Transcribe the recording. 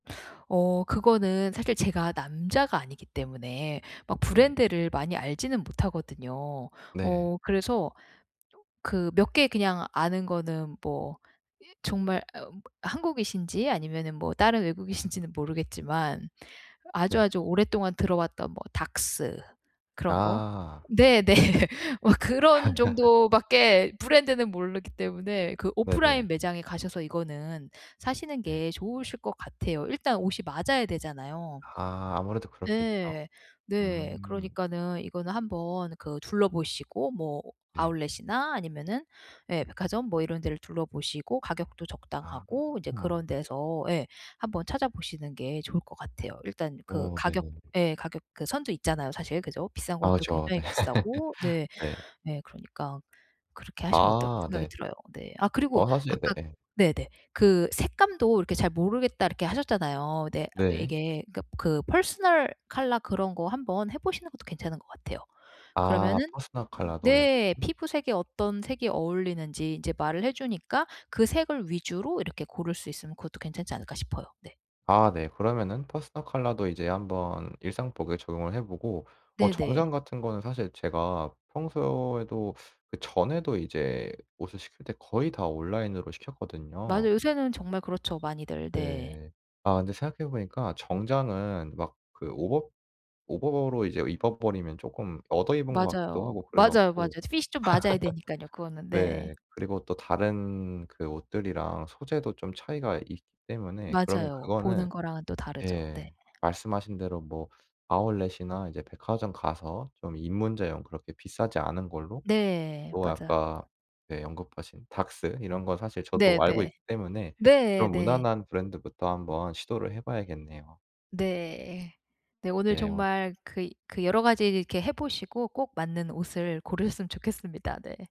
어 그거는 사실 제가 남자가 아니기 때문에 막 네. 브랜드를 많이 알지는 못하거든요. 네. 어 그래서 조 그 몇 개 그냥 아는 거는 뭐 이 정말 한국이신지 아니면은 뭐 다른 네. 외국이신지는 모르겠지만 네. 아주아주 오랫동안 들어왔던 뭐 Daks 그런 거. 아. 네. 네. 네. 뭐 그런 정도 밖에 브랜드는 모르기 때문에 그 오프라인 네네. 매장에 가셔서 이거는 사시는 네. 게 좋으실 것 같아요. 일단 옷이 맞아야 되잖아요. 아. 아무래도 그렇겠죠. 네. 네. 음. 그러니까는 이거는 한번 그 둘러보시고 뭐 네. 아울렛이나 아니면은 예 백화점 뭐 이런 데를 둘러보시고 가격도 적당하고 이제 아. 그런 데서 예 한번 찾아보시는 게 좋을 것 같아요. 일단 그 어 가격 네네네. 예 가격 그 선도 있잖아요. 사실. 그죠? 비싼 아 건 또 그쵸. 굉장히 네. 비싸고. 네. 네. 네. 그러니까 그렇게 하시면 어떨까 아 생각이 네. 들어요. 네. 아 그리고 어 사실 아까 네. 네네. 그 색감도 이렇게 "잘 모르겠다." 이렇게 하셨잖아요. 네. 네. 이게 그니까 그 퍼스널 컬러 그런 거 한번 해보시는 것도 괜찮은 것 같아요. 아 그러면은 퍼스널 칼라도 네 [unintelligible] 피부색이 어떤 색이 어울리는지 이제 말을 해주니까 그 색을 위주로 이렇게 고를 수 있으면 그것도 괜찮지 않을까 싶어요. 네. 아 네. 그러면은 퍼스널 컬러도 이제 한번 일상복에 적용을 해 보고 어 네네. 정장 같은 거는 사실 제가 평소에도 그 전에도 이제 옷을 시킬 때 거의 다 온라인으로 시켰거든요. 맞아요. 요새는 정말 그렇죠 많이들. 네. 네. 아 근데 생각해보니까 정장은 막 그 오버 오버로 이제 입어 버리면 조금 얻어 입은 것 맞아요. 같기도 하고 맞아요 맞아요. 그래갖고. 핏이 좀 맞아야 되니깐요 그거는. 네. 네. 그리고 또 다른 그 옷들이랑 소재도 좀 차이가 있기 때문에 그러면 맞아요. 그거는 보는 거랑은 또 다르죠. 네. 예. 말씀하신 대로 뭐 아울렛이나 이제 백화점 가서 좀 입문자용 그렇게 비싸지 않은 걸로 네. 또 맞아요. 아까 언급하신 예 Daks 이런 거 사실 저도 알고 네네. 있기 때문에 네 그런 네. 무난한 브랜드부터 한번 시도를 해봐야겠네요. 네. 네. 오늘 네 오 정말 그 그 여러가지 이렇게 해 보시고 꼭 맞는 옷을 고르셨으면 좋겠습니다. 네.